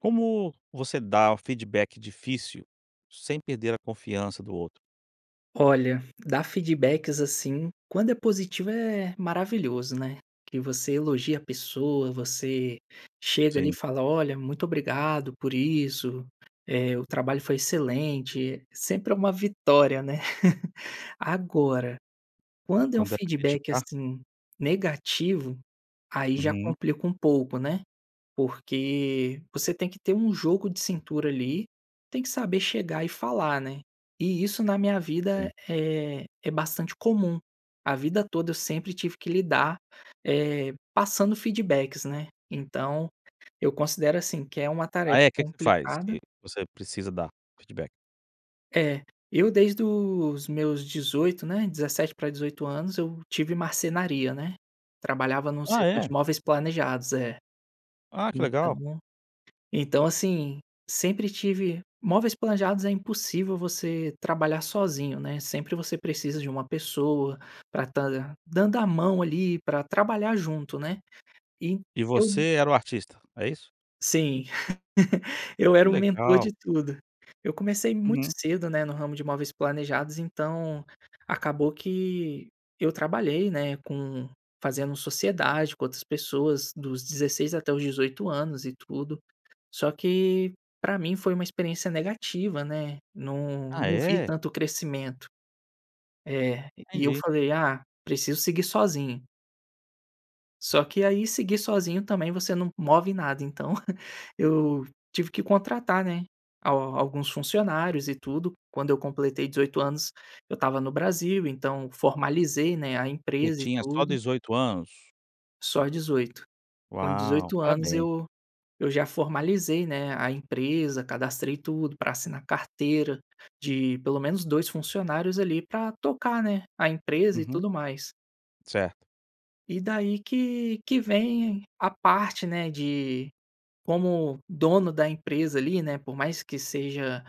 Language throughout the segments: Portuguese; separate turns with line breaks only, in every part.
Como você dá feedback difícil, sem perder a confiança do outro?
Olha, dar feedbacks assim, quando é positivo é maravilhoso, né, Que você elogia a pessoa, você chega ali e
Sim.
fala: "Olha, muito obrigado por isso, eh, o trabalho foi excelente." Sempre é uma vitória ,né. Agora, quando é um
Quando é pra
feedback,
criticar.
assim, negativo, aí já
Uhum.
complica pouco, né, porque você tem que ter jogo de cintura, ali, tem que saber chegar e falar, né, e isso na minha vida
Sim.
é é bastante comum, a vida toda eu sempre tive que lidar, eh, passando feedbacks, né. Então, eu considero assim que é uma
A
tarefa
é? Que que tu faz
complicada.
que você precisa dar feedback?
É, eu desde os meus 18, né, 17 pra 18 anos eu tive marcenaria, né. Trabalhava num
Ah,
setor de
é?
móveis planejados. É,
Ah, que legal!
então, então assim, sempre tive móveis planejados é impossível você trabalhar sozinho, né. Sempre você precisa de uma pessoa, pra estar dan dando a mão ali pra trabalhar junto, né, e
E
eu.
você era o artista, é isso?
Sim, eu era o mentor
Legal.
de tudo. Eu comecei muito
Uhum.
cedo, né, no ramo de móveis planejados então, acabou que eu trabalhei, né, com fazendo sociedade com outras pessoas dos 16 até os 18 anos e tudo, só que pra mim foi uma experiência negativa, né, não
Ah,
não vi
é?
tanto crescimento. Eh, e eu
Entendi.
falei: "Ah, preciso seguir sozinho." Só que, aí, seguir sozinho, também, você não move nada. Então eu tive que contratar, né, al alguns funcionários e tudo. Quando eu completei 18 anos, eu tava no Brasil. Então formalizei, né, a
E
empresa e
tinha só
tudo.
18 anos?
Só 18. Com
Uau!
18 anos,
Parabéns.
eu eu já formalizei, né, a empresa, cadastrei tudo pra assinar carteira de pelo menos 2 funcionários, ali, pra tocar, né, a empresa e
Uhum.
tudo mais.
Certo.
E daí que que vem a parte, né, de, como dono da empresa ali, né? Por mais que seja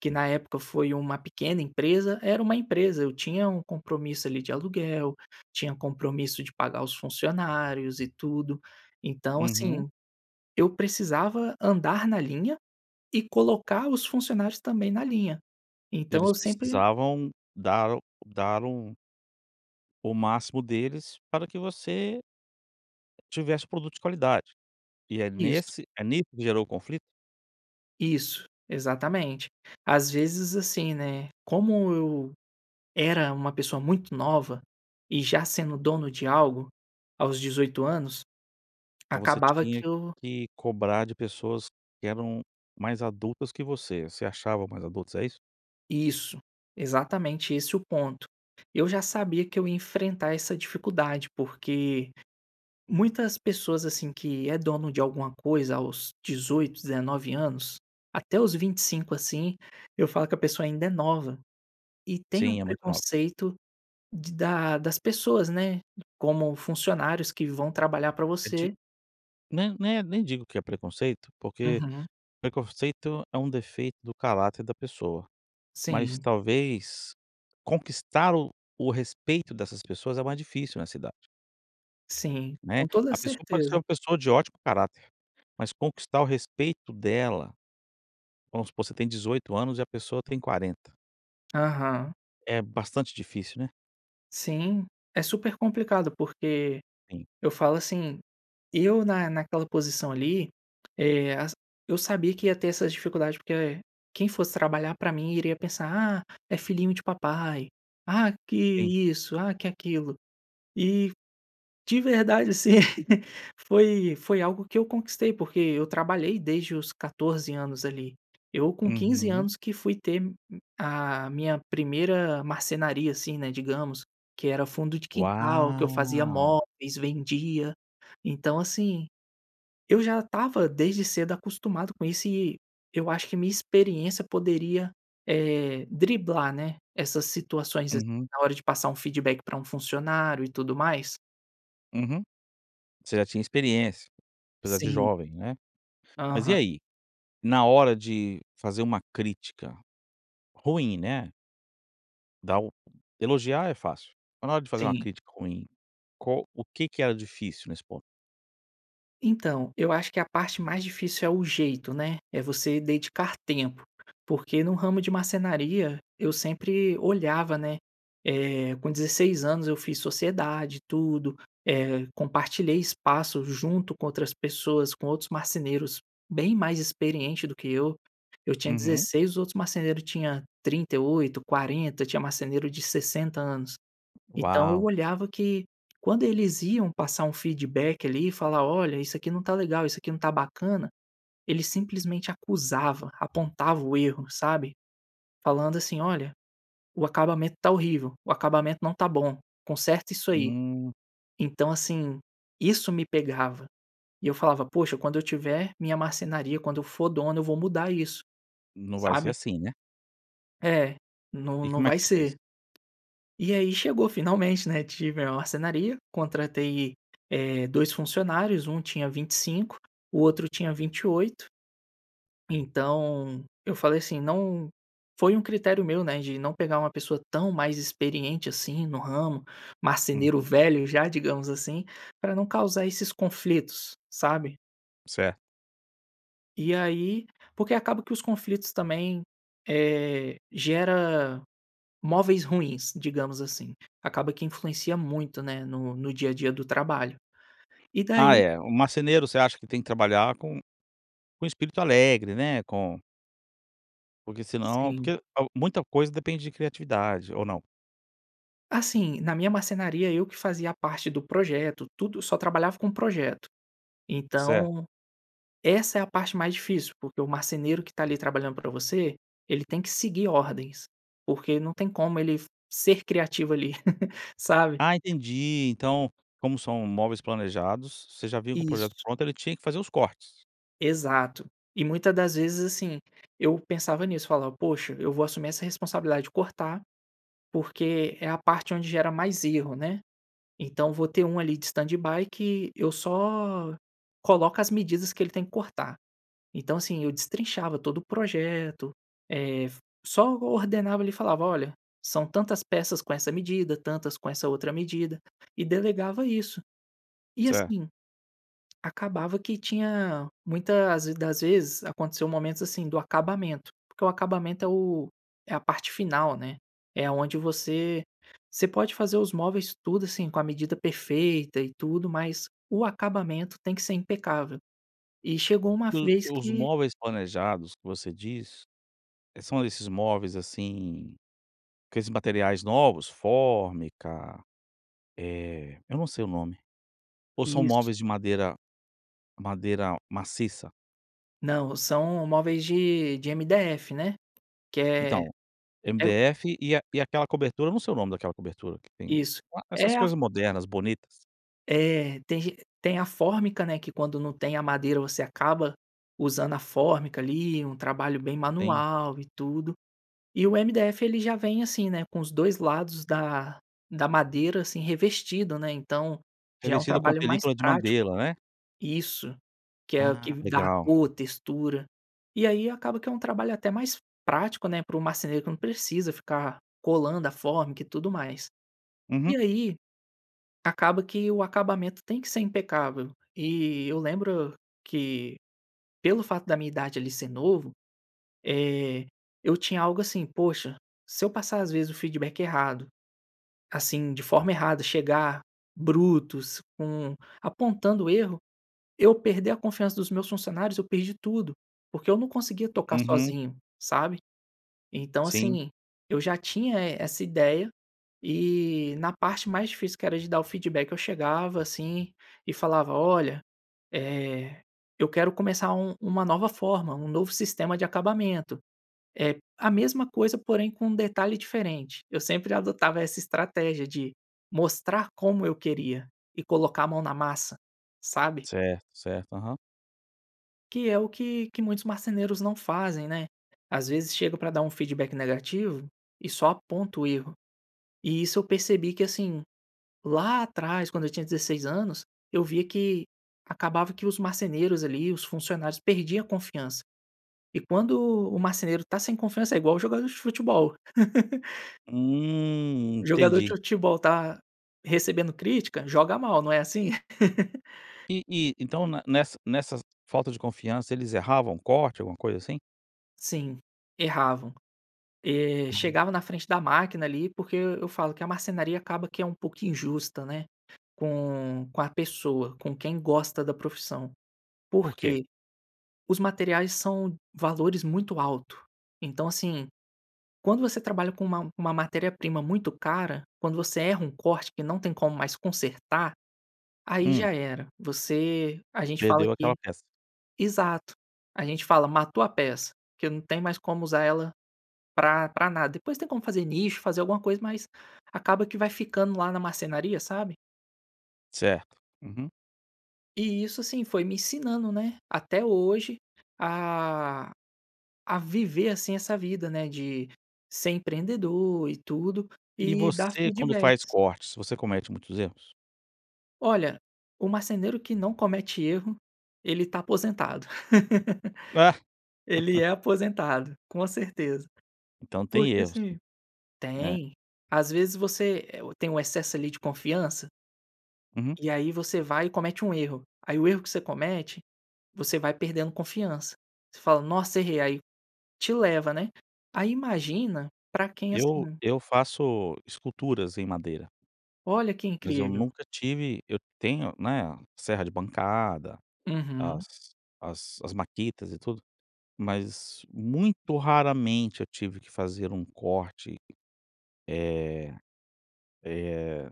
que na época foi uma pequena empresa, era uma empresa. Eu tinha um compromisso ali de aluguel, tinha compromisso de pagar os funcionários e tudo. Então,
Uhum.
assim, eu precisava andar na linha e colocar os funcionários também na linha. Então
Eles
eu sempre
precisavam dar dar um o máximo deles para que você tivesse produto de qualidade. E é
Isso.
nesse é nisso que gerou o conflito?
Isso, exatamente! Às vezes, assim, né, como eu era uma pessoa muito nova, e já sendo dono de algo aos 18 anos,
Então você
acabava
tinha
que eu
que cobrar de pessoas que eram mais adultas que você. Se achavam mais adultas, é isso?
Isso, exatamente esse o ponto! Eu já sabia que eu ia enfrentar essa dificuldade, porque muitas pessoas, assim, que é dono de alguma coisa aos 18, 19 anos, até os 25, assim, eu falo que a pessoa ainda é nova, e tem um
Sim, é muito nova.
preconceito de da das pessoas, né, como funcionários que vão trabalhar pra
É de
você.
n né, nem digo que é preconceito, porque
Uhum.
preconceito é um defeito do caráter da pessoa, mas
Sim
talvez conquistar o o respeito dessas pessoas é mais difícil nessa idade.
Sim,
Né,
com toda a
a pessoa pode ser
certeza!
uma pessoa de ótimo caráter, mas conquistar o respeito dela, vamos supor, você tem 18 anos e a pessoa tem 40.
Aham.
É bastante difícil, né?
Sim, é super complicado, porque
Sim.
eu falo assim, eu na naquela posição ali, eh, as eu sabia que ia ter essas dificuldade, porque, eh, quem fosse trabalhar pra mim iria pensar: "Ah, é filhinho de papai! Ah, que
Sim.
isso, ah, que aquilo." E, de verdade, assim, foi foi algo que eu conquistei, porque eu trabalhei desde os 14 anos ali. Eu com 15
Uhum.
anos que fui ter m a minha primeira marcenaria, assim, né, digamos, que era fundo de quintal, que eu fazia
Uau.
móveis, vendia. Então assim, eu já estava desde cedo acostumado com isso e eu acho que a minha experiência poderia, eh, driblar, né, essas situações, assim,
Uhum.
na hora de passar um feedback pra um funcionário e tudo mais.
Uhum. Você já tinha experiência, apesar de
Sim.
jovem, né? Mas e
Aham.
aí? Na hora de fazer uma crítica ruim, né dá o Elogiar é fácil, mas na hora de fazer uma
Sim.
crítica ruim, qual o que que era difícil nesse ponto?
Então, eu acho que a parte mais difícil é o jeito, né, é você dedicar tempo. Porque no ramo de marcenaria, eu sempre olhava, né, eh com 16 anos eu fiz sociedade, tudo, eh, compartilhei espaço junto com outras pessoas, com outros marceneiros bem mais experiente do que eu. Eu tinha
Uhum.
16, os outros marceneiro tinha 38, 40, tinha marceneiro de 60 anos. Então, eu
Uau!
olhava que quando eles iam passar um feedback ali e falar: "Olha isso aqui não tá legal, isso aqui não tá bacana", ele simplesmente acusava, apontava o erro, sabe? Falando assim: "Olha, o acabamento tá horrível, o acabamento não tá bom, conserta isso aí".
Hum.
Então, assim, isso me pegava e eu falava: "Poxa, quando eu tiver minha marcenaria, quando eu for dono, eu vou mudar isso".
Não vai ser
Sabe.
assim, né?
É, não
E
não
como é
vai
que você fez?
ser E aí, chegou finalmente, né? Tive a marcenaria, contratei, eh, dois funcionários, um tinha 25, o outro tinha 28. Então, eu falei assim não foi um critério meu, né, de não pegar uma pessoa tão mais experiente, assim, no ramo, marceneiro
Uhum.
velho já, digamos assim, pra não causar esses conflitos, sabe?
Certo.
E aí porque acaba que os conflitos também, eh, gera móveis ruins, digamos assim, acaba que influencia muito, né, no no dia a dia do trabalho. E
Ah
daí
é, o marceneiro você acha que tem que trabalhar com com espírito alegre, né, com porque, senão,
Sim.
porque al muita coisa depende de criatividade. Ou não?
Assim, na minha marcenaria eu que fazia a parte do projeto, tudo, só trabalhava com projeto.
Certo.
Então, essa é a parte mais difícil, porque o marceneiro que tá ali trabalhando pra você tem que seguir ordens, porque não tem como ele ser criativo ali,, sabe?
Ah, entendi! Então, como são móveis planejados, você já vinha com o projeto
Isso.
pronto e ele tinha que fazer os cortes.
Exato. E muita das vezes assim, eu pensava nisso, falava: "Poxa, eu vou assumir essa responsabilidade de cortar porque é a parte onde gera mais erro, né? Então, vou ter um ali de standby que eu só coloco as medidas que ele tem que cortar". Então, assim, eu destrinchava todo o projeto, eh, só ordenava ali e falava: "Olha, são tantas peças com essa medida, tantas com essa outra medida." E delegava isso. E
Certo.
assim, acabava que tinha muita as das vezes aconteceu momentos assim, do acabamento porque o acabamento é o é a parte final, né? É aonde você você pode fazer os móveis tudo assim, com a medida perfeita e tudo, mas o acabamento tem que ser impecável. E chegou uma
O
vez
os
que
móveis planejados que você diz, eh, são desses móveis assim, aqueles materiais novos? Fórmica, eh, eu não sei o nome. Ou são
Isso.
móveis de madeira madeira maciça?
Não, o são móveis de de MDF, né? Que é
Então,
é
MDF e a e a aquela cobertura. Eu não sei o nome daquela cobertura, que tem e
Isso.
essas
É a
coisas modernas, bonitas.
É. Tem ge tem a fórmica, né. Que quando não tem a madeira, você acaba usando a fórmica ali. Um trabalho bem
Tem.
manual e tudo. E o MDF ele já vem assim, né, com os 2 lados da da madeira, assim, revestido, né. Então, já é um
Revestido com a
trabalho mais
película de
prático
madeira, né?
Isso. Que é o que
Ah,
dá a
legal.
cor, textura. E aí, acaba que é um trabalho até mais prático, né, para o marceneiro, que não precisa ficar colando a fórmica e tudo mais.
Uhum.
E aí, acaba que o acabamento tem que ser impecável. E eu lembro que, pelo fato da minha idade ali ser novo, eh, eu tinha algo assim: "Poxa, se eu passar, as vezes, o feedback errado, assim, de forma errada. Chegar brutos, com apontando erro eu perder a confiança dos meus funcionários, eu perdi tudo, porque eu não conseguia tocar
Uhum.
sozinho, sabe. Então,
Sim.
assim, eu já tinha e essa ideia. E na parte mais difícil, que era de dar o feedback, eu chegava assim e falava: "Olha, eh, eu quero começar u uma nova forma, um novo sistema de acabamento. Eh, a mesma coisa, porém, com um detalhe diferente". Eu sempre adotava essa estratégia de mostrar como eu queria e colocar a mão na massa, sabe?
Certo, certo. Aham.
Que é o que que muitos marceneiros não fazem, né? Às vezes, chega pra dar feedback negativo e só aponta o erro. E isso eu percebi que assim: lá atrás, quando eu tinha 16 anos, eu via que acabava que os marceneiros ali, os funcionários, perdiam a confiança. E quando o marceneiro tá sem confiança, é igual o jogador de futebol.
Hum.
O jogador de
Entendi.
futebol tá recebendo crítica? Joga mal. Não é assim?
E e, então, ne nessa nessas falta de confiança, eles erravam o corte, alguma coisa assim?
Sim, erravam. Eh,
Uhum.
chegava na frente da máquina ali porque eu eu falo que a marcenaria acaba que é um pouco injusta, né, com com a pessoa, com quem gosta da profissão. Por
Por quê?
quê? Os materiais são valores muito alto. Então, assim, quando você trabalha com uma uma matéria-prima muito cara, quando você erra um corte, que não tem como mais consertar, aí
Hum.
já era. Você a gente fala
Perdeu
que
aquela peça.
Exato. A gente fala: "matou a peça". Porque não tem mais como usar ela pra pra nada. Depois tem como fazer nicho, fazer alguma coisa, mas, acaba que vai ficando lá na marcenaria, sabe?
Certo. Uhum.
E isso, sim, foi me ensinando, né, até hoje, a a viver assim essa vida, né, de ser empreendedor e tudo,
E
e dar
você quando faz
feedbacks.
cortes, você comete muitos erros?
Olha, o marceneiro que não comete erro, ele tá aposentado.
Ah.
Ele é aposentado, com certeza.
Então, tem
Porque
erros sim,
assim
né.
tem. Às vezes, você, eh, tem o excesso ali de confiança
Uhum.
e aí, você vai e comete um erro. Aí o erro que você comete, você vai perdendo confiança. Você fala: "Nossa, errei.". Aí, te leva, né? Aí, imagina pra quem é
Eu
assim.
eu faço esculturas em madeira
Olha, que
mas eu
incrível.
nunca tive eu tenho, né, serra de bancada,
Uhum.
as as as makitas e tudo, mas, muito raramente, eu tive que fazer um corte, eh eh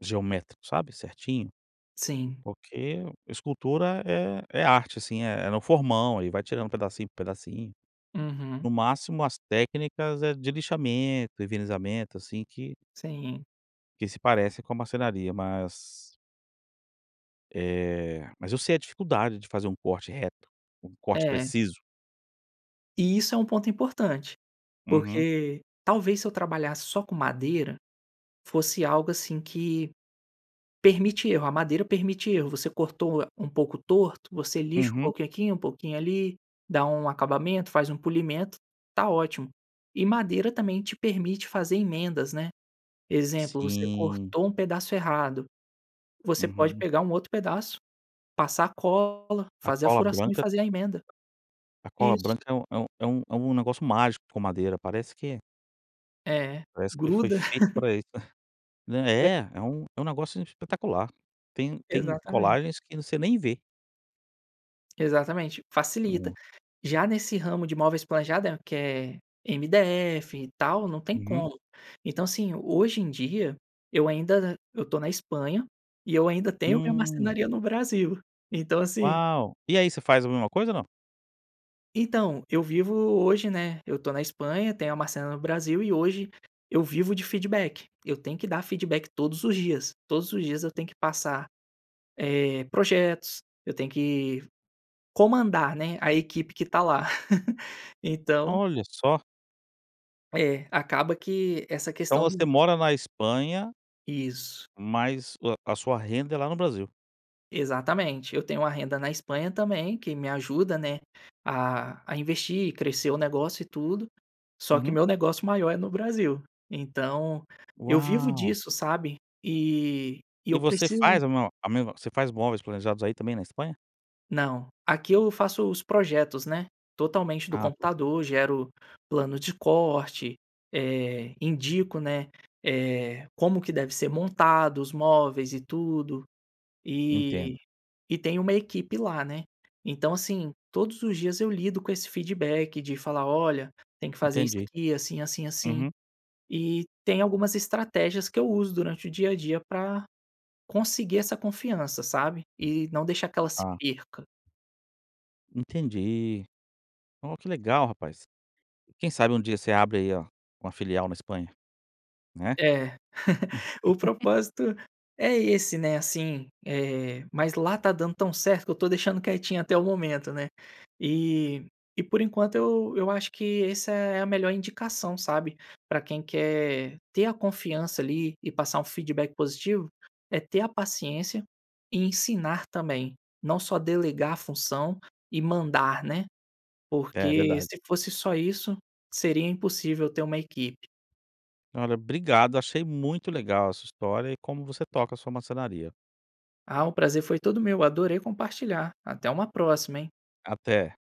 geométrico, sabe, certinho.
Sim.
Porque escultura é é arte, assim. É no formão, aí vai tirando pedacinho por pedacinho.
Uhum.
No máximo, as técnicas é de lixamento, envernizamento, assim, que
Sim.
que se parece com a marcenaria. Mas eh, mas eu sei a dificuldade de fazer um corte reto, um corte
É.
preciso.
Isso é um ponto importante,
Uhum.
porque, talvez, se eu trabalhasse só com madeira, fosse algo assim que permite erro. A madeira permite erro. Você cortou um pouco torto, você lixa um
Uhum.
pouquinho aqui, um pouquinho ali, dá um acabamento, faz um polimento, tá ótimo! E madeira também te permite fazer emendas, né. Exemplo, você
Sim.
cortou um pedaço errado, você pode
Uhum.
pegar um outro pedaço, passar cola,
A
fazer a
cola
furação e
branca
fazer a emenda.
a cola
Isso.
branca é um é um é um negócio mágico com madeira, parece que
É,
parece que foi
gruda.
feito pra isso, né.
É.
É é um é um negócio espetacular. Tem tem
Exatamente.
colagens que você nem vê.
Exatamente, facilita.
É.
Já nesse ramo de móveis planejados que é MDF e tal, não tem
Uhum.
como. Então, assim, hoje em dia eu ainda eu tô na Espanha, e eu ainda tenho minha
Hum.
marcenaria no Brasil. Então assim
Uau! E aí você faz a mesma coisa ou não?
Então, eu vivo hoje, né eu estou na Espanha, tenho a marcenaria no Brasil e hoje eu vivo de feedback. Eu tenho que dar feedback todos os dias, todos os dias eu tenho que passar, eh, projetos, eu tenho que comandar, né, a equipe que tá lá. Então
Olha só!
É, acaba que essa
Então
questão
você
do
mora na Espanha
Isso.
mas o a sua renda é lá no Brasil.
Exatamente, eu tenho a renda na Espanha também que me ajuda, né, a a investir e crescer o negócio e tudo. Só que
Uhum.
meu negócio maior é no Brasil. Então, eu vivo
Uau!
disso, sabe? E e eu
E você
preciso
faz o mo a mesma Você faz móveis planejados aí também, na Espanha?
Não, aqui eu faço os projetos, né, totalmente do
Ah, tá.
computador, gero planos de corte, eh, indico, né, eh, como que deve ser montado os móveis e tudo. E
Entendo.
e tem uma equipe lá, né. Então, assim, todos os dias eu lido com esse feedback de falar: "Olha, tem que fazer isso
Entendi.
aqui assim, assim, assim".
Uhum.
E tem algumas estratégias que eu uso durante o dia a dia pra conseguir essa confiança, sabe? E não deixar que ela se
Ah.
perca.
Entendi. Ó que legal rapaz! Quem sabe um dia você abre aí o uma filial na Espanha, né?
É. O propósito é esse, né, assim, eh, mas lá tá dando tão certo que eu tô deixando quietinho até o momento, né. E e por enquanto eu eu acho que essa é a melhor indicação, sabe, pra quem quer ter a confiança, ali, e passar um feedback positivo, é ter a paciência e ensinar também, não só delegar a função e mandar, né.
É
Porque
verdade.
se fosse só isso, seria impossível ter uma equipe.
Olha, obrigado, achei muito legal a sua história e como você toca a sua marcenaria.
Ah, o prazer foi todo meu. Adorei compartilhar. Até uma próxima, hein?
Até.